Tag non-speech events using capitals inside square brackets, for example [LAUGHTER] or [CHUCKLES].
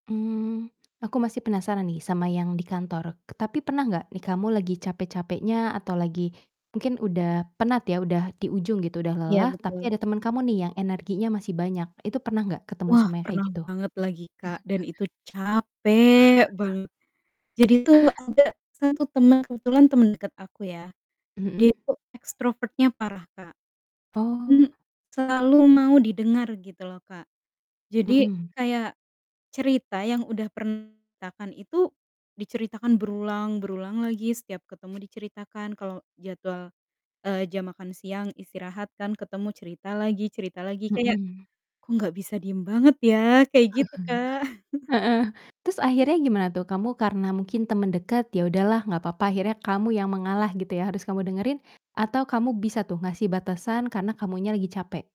Mmm. Aku masih penasaran nih sama yang di kantor, tapi pernah enggak, nih kamu lagi capek-capeknya atau lagi mungkin udah penat ya, udah di ujung gitu, udah Iya lelah, tapi betul. ada temen kamu nih yang energinya masih banyak, itu pernah gak ketemu Wah sama yang kayak pernah gitu? banget lagi, Kak, dan [CHUCKLES] itu capek [CHUCKLES] banget. Jadi tuh ada 1 teman, kebetulan temen deket aku ya, dia Mhm. itu ekstrovert-nya parah, Kak, Oh. hmm, selalu mau didengar gitu loh, Kak. Jadi Mhm. kayak cerita yang udah pernah diceritakan itu diceritakan berulang berulang lagi, setiap ketemu diceritakan, kalau jadwal, eee, jam makan siang istirahat kan ketemu, cerita lagi cerita lagi, kayak, Mhm. "Kok enggak bisa diem banget ya?" Kayak gitu, Kak. [CHUCKLES] [CHUCKLES] Heeh. Terus akhirnya gimana tuh? Kamu karena mungkin temen deket, ya udahlah gak papa, akhirnya kamu yang mengalah gitu ya harus kamu dengerin? Atau kamu bisa tuh ngasih batasan karena kamunya lagi capek?